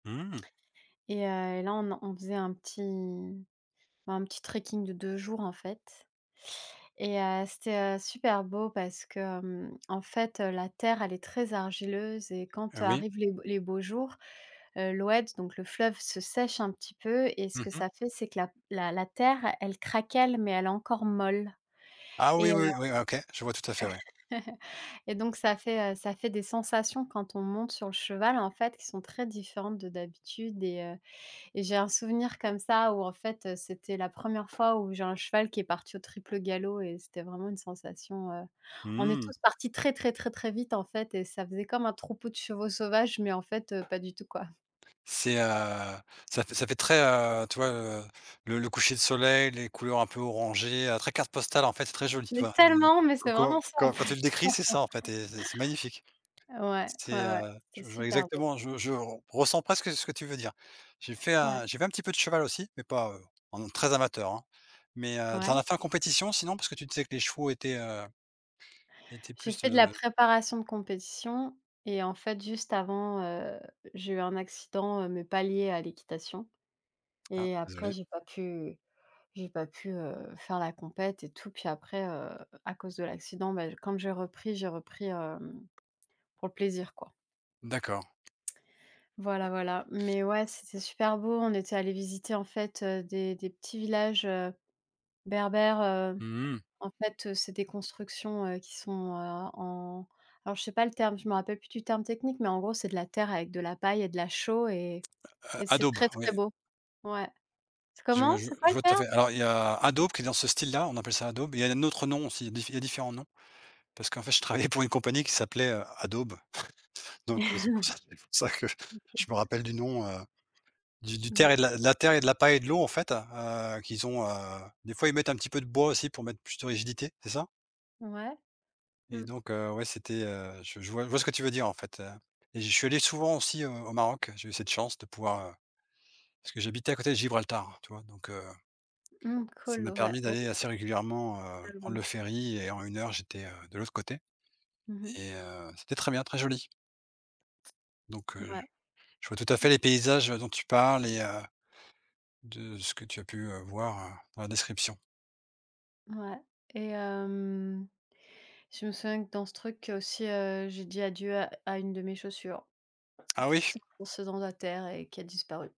Mmh. Et heu et là on en on faisait un petit un petit trekking de 2 jours, en fait et heu, c'était, heu, super beau parce que, hem, en fait, heu, la terre, elle est très argileuse et quand Heu, oui. arrivent les les beaux jours, heu, l'oued, donc le fleuve se sèche un petit peu et ce Mmh que mh. ça fait, c'est que la la la terre, elle craquelle mais elle est encore molle Ah oui, et heu oui, oui, OK, je vois tout à fait, ouais. et donc ça fait, heu, ça fait des sensations quand on monte sur le cheval en fait qui sont très différentes de d'habitude et heu et j'ai un souvenir comme ça où en fait, heu, c'était la 1re fois où j'ai un cheval qui est parti au triple galop et c'était vraiment une sensation, heu, on est Mmh. tous partis très, très, très, très vite en fait, heu et ça faisait comme un troupeau de chevaux sauvages, mais en fait, heu, pas du tout, quoi. C'est, heu, ça fait ça fait très, heu, tu vois, heu, le le coucher de soleil, les couleurs un peu orangées, heu, très carte postale, en fait c'est très joli, tu Mais vois? tellement, mais c'est Quand vraiment ça en quand quand tu le fait, décris, c'est ça en fait et c'est c'est magnifique, ouais, ouais, c'est, ouais, heu, c'était je je vois super beau. exactement, je je ressens presque ce que tu veux dire. J'ai fait Ouais. un j'ai fait un petit peu de cheval aussi mais pas, heu, en très amateur hein, mais heu, tu en Ouais. as fait en compétition sinon? Parce que tu disais que les chevaux étaient, heu, étaient J'ai plus, fait de la heu préparation de compétition et en fait juste avant, heu, j'ai eu un accident, heu, mais pas lié à l'équitation Ah et après désolé. j'ai pas pu j'ai pas pu, heu, faire la compète et tout puis après, heu, à cause de l'accident, bah, comme j'ai repris j'ai repris, hem, pour le plaisir, quoi. D'accord. Voilà, voilà mais ouais, c'était super beau, on était allés visiter en fait, heu, des des petits villages, heu, berbères, heu, Mmh mh. en fait, heu, c'est des constructions, heu, qui sont, heu, en alors je sais pas le terme, je me rappelle plus du terme technique, mais en gros c'est de la terre avec de la paille et de la chaux et et A c'est adobe, très, très oui. beau, ouais. C'est Je comment? je C'est quoi je le vois tout à terme? fait alors il y a adobe qui est dans ce style là on appelle ça adobe il y a un autre nom aussi, il y a dif différents noms parce qu'en fait je travaillais pour une compagnie qui s'appelait, heu, Adobe, donc heu, c'est pour ça que je OK. me rappelle du nom, heu, du du terre D'ac. et de la terre et de la paille et de l'eau en fait, heu, qui sont, heu, des fois ils mettent un petit peu de bois aussi pour mettre plus de rigidité, c'est ça? Ouais, Et mmh. donc heu, ouais c'était, heu, je je vois je vois ce que tu veux dire, en fait, heu et je suis allé souvent aussi, heu, au Maroc, j'ai eu cette chance de pouvoir, heu, parce que j'habitais à côté de Gibraltar, tu vois? Donc heu Mmh, ça cool, m'a ouais. permis d'aller [unintelligible] assez régulièrement, heu, prendre Tellement. le ferry et en une heure j'étais, heu, de l'autre côté Mmh mh. et heu, c'était très bien, très joli donc heu, Ouais. je vois tout à fait les paysages, heu, dont tu parles et heu, de ce que tu as pu, heu, voir, heu, dans la description. Ouais et hem, je me souviens que dans ce truc aussi, heu, j'ai dit adieu à à une de mes chaussures Ah qui oui? s'est enfoncée dans la terre et qui a disparu.